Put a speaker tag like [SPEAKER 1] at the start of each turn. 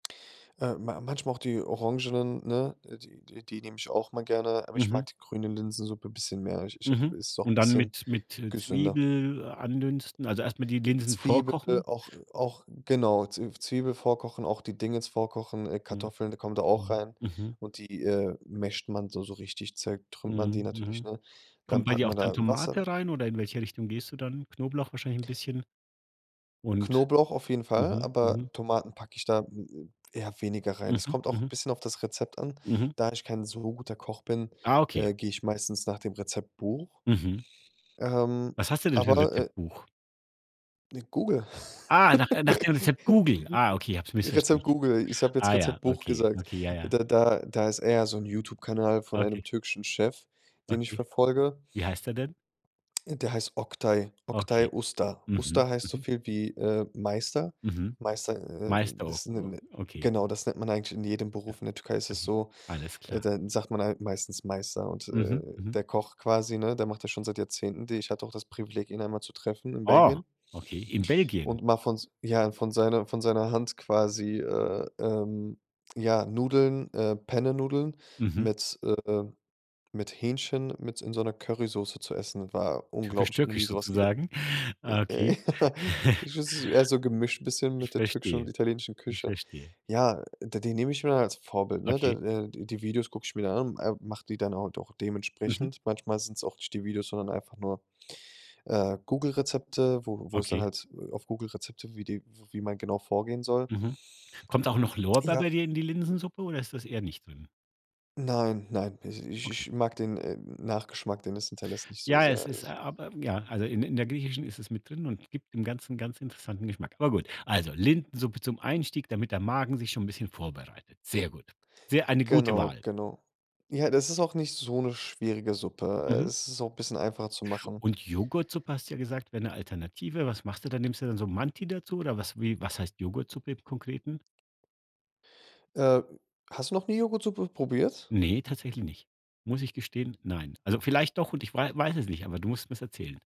[SPEAKER 1] Äh, ma manchmal auch die orangenen, ne, äh, die die die nehme ich auch mal gerne, aber ich mag
[SPEAKER 2] Mhm.
[SPEAKER 1] die grüne Linsensuppe bisschen mehr. Ich ich
[SPEAKER 2] Mhm,
[SPEAKER 1] habe ist auch
[SPEAKER 2] und dann
[SPEAKER 1] bisschen
[SPEAKER 2] mit mit, äh,
[SPEAKER 1] gesünder.
[SPEAKER 2] Zwiebel andünsten. Also, erst mal die Linsen
[SPEAKER 1] Zwiebel
[SPEAKER 2] vorkochen
[SPEAKER 1] auch auch genau, Z Zwiebel vorkochen, auch die Dings vorkochen, äh,
[SPEAKER 2] Mhm.
[SPEAKER 1] Kartoffeln, die kommen da auch
[SPEAKER 2] Mhm,
[SPEAKER 1] rein
[SPEAKER 2] mhm.
[SPEAKER 1] und die, äh, masht man so so richtig zertrümmert man die
[SPEAKER 2] Mhm,
[SPEAKER 1] natürlich,
[SPEAKER 2] mhm.
[SPEAKER 1] ne? Dann
[SPEAKER 2] Kommt bei
[SPEAKER 1] packt
[SPEAKER 2] dir auch
[SPEAKER 1] man
[SPEAKER 2] dann
[SPEAKER 1] da Wasser
[SPEAKER 2] Tomate rein oder in welche Richtung gehst du dann? Knoblauch wahrscheinlich 'n bisschen und
[SPEAKER 1] Knoblauch auf jeden Fall,
[SPEAKER 2] Mhm, mhm.
[SPEAKER 1] aber Tomaten packe ich da, hm, äh, eher weniger rein. Es
[SPEAKER 2] Mhm,
[SPEAKER 1] kommt auch
[SPEAKER 2] mhm.
[SPEAKER 1] bisschen auf das Rezept an.
[SPEAKER 2] Mhm.
[SPEAKER 1] Da ich kein so guter Koch bin,
[SPEAKER 2] Ah, okay.
[SPEAKER 1] äh, gehe ich meistens nach dem Rezeptbuch.
[SPEAKER 2] Mhm.
[SPEAKER 1] Ähm,
[SPEAKER 2] Was hast du denn für 'n
[SPEAKER 1] aber, äh
[SPEAKER 2] Rezeptbuch?
[SPEAKER 1] Ne, Google.
[SPEAKER 2] Ah, nach, äh nach dem Rezept Google. Ah, okay, habe es missverstanden.
[SPEAKER 1] Rezept Google, ich habe jetzt
[SPEAKER 2] Ah ja,
[SPEAKER 1] Rezeptbuch
[SPEAKER 2] okay,
[SPEAKER 1] gesagt.
[SPEAKER 2] okay, ja, ja.
[SPEAKER 1] Da da da ist eher so 'n Youtube-Kanal von einem
[SPEAKER 2] Okay,
[SPEAKER 1] türkischen Chef, den ich
[SPEAKER 2] Okay.
[SPEAKER 1] verfolge.
[SPEAKER 2] Wie heißt er denn?
[SPEAKER 1] Äh, der heißt Oktay Oktay
[SPEAKER 2] Okay.
[SPEAKER 1] Usta.
[SPEAKER 2] Mhm,
[SPEAKER 1] Usta heißt so
[SPEAKER 2] mhm.
[SPEAKER 1] viel, wie, äh, Meister.
[SPEAKER 2] Mhm,
[SPEAKER 1] Meister, äh,
[SPEAKER 2] Meister o
[SPEAKER 1] ist 'ne
[SPEAKER 2] o
[SPEAKER 1] 'ne
[SPEAKER 2] okay.
[SPEAKER 1] Genau, das nennt man eigentlich in jedem
[SPEAKER 2] Ja,
[SPEAKER 1] Beruf in der Türkei ist es
[SPEAKER 2] okay,
[SPEAKER 1] so,
[SPEAKER 2] alles
[SPEAKER 1] äh,
[SPEAKER 2] klar.
[SPEAKER 1] da sagt man halt meistens Meister. Und, äh,
[SPEAKER 2] Mhm, mhm.
[SPEAKER 1] der Koch quasi, ne, der macht das schon seit Jahrzehnten, die ich hatte auch das Privileg, ihn einmal zu treffen in
[SPEAKER 2] Oh.
[SPEAKER 1] Belgien
[SPEAKER 2] Okay, in Belgien?
[SPEAKER 1] und mal von ja, von seiner von seiner Hand quasi, äh, ähm, ja, Nudeln, äh, Pennenudeln
[SPEAKER 2] Mhm.
[SPEAKER 1] mit, äh mit Hähnchen mit in so 'ner Currysauce zu essen. War
[SPEAKER 2] Typisch
[SPEAKER 1] unglaublich, habe noch nie
[SPEAKER 2] türkisch
[SPEAKER 1] so was gege
[SPEAKER 2] sozusagen.
[SPEAKER 1] Äh, äh,
[SPEAKER 2] Okay.
[SPEAKER 1] ja, [unintelligible] eher so gemischt bisschen
[SPEAKER 2] Ich
[SPEAKER 1] mit der türkischen und
[SPEAKER 2] verstehe,
[SPEAKER 1] italienischen
[SPEAKER 2] ich
[SPEAKER 1] Küche.
[SPEAKER 2] verstehe.
[SPEAKER 1] Ja, da die nehme ich mir dann als Vorbild, ne? Da,
[SPEAKER 2] Okay.
[SPEAKER 1] äh die Videos gucke ich mir dann an, äh, mache die dann halt auch
[SPEAKER 2] Mhm.
[SPEAKER 1] dementsprechend. Manchmal sind's auch nicht die Videos, sondern einfach nur, äh, Google Rezepte, wo wo es dann
[SPEAKER 2] Okay.
[SPEAKER 1] halt, äh, auf Google Rezepte wie die w wie man genau vorgehen soll.
[SPEAKER 2] Mhm. Kommt auch noch Lorbeer bei
[SPEAKER 1] Ja.
[SPEAKER 2] dir in die Linsensuppe oder ist das eher nicht drin?
[SPEAKER 1] Nein, nein. Pesi ich
[SPEAKER 2] Okay.
[SPEAKER 1] ich mag den, äh, Nachgeschmack, den es hinterlässt, nicht so
[SPEAKER 2] Ja,
[SPEAKER 1] sehr,
[SPEAKER 2] es ist
[SPEAKER 1] es
[SPEAKER 2] aber, ja, also, in in der Griechischen ist es mit drin und gibt dem Ganzen ganz interessanten Geschmack. Aber gut, also, Linsensuppe zum Einstieg, damit der Magen sich schon 'n bisschen vorbereitet. Sehr gut. Sehr eine gute
[SPEAKER 1] Genau,
[SPEAKER 2] Wahl.
[SPEAKER 1] genau. Ja, das ist auch nicht so 'ne schwierige Suppe. Äh,
[SPEAKER 2] Mhm.
[SPEAKER 1] es ist auch bisschen einfacher zu machen.
[SPEAKER 2] Und Joghurtsuppe, hast du ja gesagt, wäre 'ne Alternative. Was machst du dann? Nimmst du dann so Manti dazu oder was wie was heißt Joghurtsuppe im Konkreten?
[SPEAKER 1] Äh, hast du noch nie Joghurtsuppe probiert?
[SPEAKER 2] Ne, tatsächlich nicht. Muss ich gestehen, nein. Also, vielleicht doch und ich wei weiß es nicht, aber du musst's mir's erzählen.